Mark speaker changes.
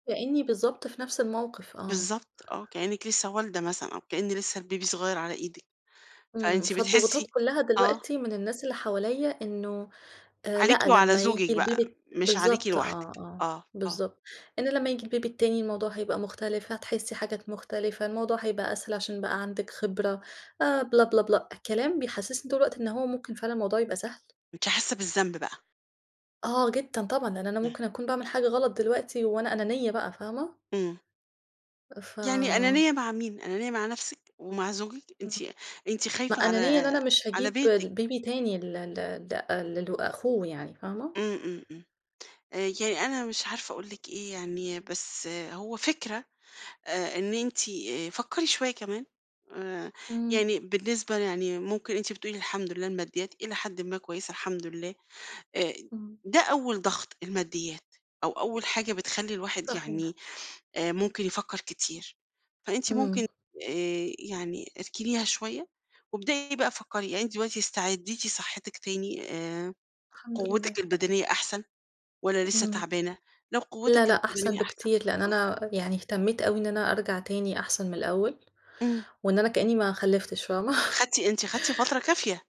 Speaker 1: كأني بالضبط، في نفس الموقف، آه.
Speaker 2: بالضبط آه، كأنك لسّه والدة مثلًا أو كأن لسّه الBaby صغير على إيدِك،
Speaker 1: امم،
Speaker 2: فأنتِ
Speaker 1: فالضغوطات
Speaker 2: بتحسي
Speaker 1: كلّها
Speaker 2: آه.
Speaker 1: دلوقتي من الناس اللي حواليَّ إنه آآ
Speaker 2: عليكِ
Speaker 1: لأ،
Speaker 2: وعلى
Speaker 1: لمّا ييجي
Speaker 2: زوجك بقى،
Speaker 1: الBaby الت
Speaker 2: مش عليكِ
Speaker 1: بالضبط آه،
Speaker 2: لوحدِك؟
Speaker 1: آه
Speaker 2: آه، آه.
Speaker 1: بالضبط. إن لمّا ييجي الBaby التاني، الموضوع هيبقى مختلف، هتحسّي حاجات مختلفة، الموضوع هيبقى أسهل عشان بقى عندِك خبرة، آآ بِلاَ، بِلاَ، بِلاَ، كلام بيحسسّني طول الوقت إن هو مُمكن فعلًا الموضوع يبقى سهل.
Speaker 2: أنتِ حاسة بالذنب بقى؟
Speaker 1: آه، جدًا طبعًا، لأن أنا
Speaker 2: امم.
Speaker 1: مُمكن أكون باعمل حاجة غلط دلوقتي، وأنا أنانية بقى فاهمة؟
Speaker 2: امم.
Speaker 1: أ ف
Speaker 2: يعني أنانية مع مين أنانية مع نفسك ومع زوجك؟ أنتِ
Speaker 1: امم،
Speaker 2: أنتِ
Speaker 1: ما
Speaker 2: خايفة
Speaker 1: أنانية إن
Speaker 2: على
Speaker 1: أنا مش
Speaker 2: على
Speaker 1: هاجيب ل
Speaker 2: بيتِك.
Speaker 1: Baby تاني ل ل ل أ للو أخوه يعني، فاهمة؟
Speaker 2: امم، امم، امم، آآ يعني أنا مش عارفة أقول لِك إيه يعني، بس هو فِكرة أ إن أنتِ فكّري شوية كمان آآ
Speaker 1: إمم.
Speaker 2: يعني بالنسبة يعني مُمكن أنتِ بتقولي الحمد لله الماديات إلي حدٍ ما كويسة الحمد لله أ
Speaker 1: امم.
Speaker 2: ده أول ضغط الماديات، أو أول حاجة بتخلّي الواحد
Speaker 1: صحيح.
Speaker 2: يعني، آآ مُمكن يفكر كتير. فأنتِ
Speaker 1: إمم.
Speaker 2: مُمكن آآ يعني اركنيها شوية وابدئي بقى فكري، يعني أنتِ دلوقتي استعديتِ صحتِك تاني آآ
Speaker 1: الحمد
Speaker 2: قوتِك
Speaker 1: لله.
Speaker 2: البدنية أحسن والّا لسه
Speaker 1: إمم.
Speaker 2: تعبانة؟ لو
Speaker 1: لا
Speaker 2: قوتِك
Speaker 1: لأ، أحسن
Speaker 2: البدنية أحسن
Speaker 1: بكتير، لأن
Speaker 2: آه.
Speaker 1: أنا يعني اهتميت أوي إن أنا أرجع تاني أحسن من الأول
Speaker 2: إمم.
Speaker 1: وإن أنا كأني ما خلفتش فاهمة؟
Speaker 2: خدتِ أنتِ خدتِ فترة كافية.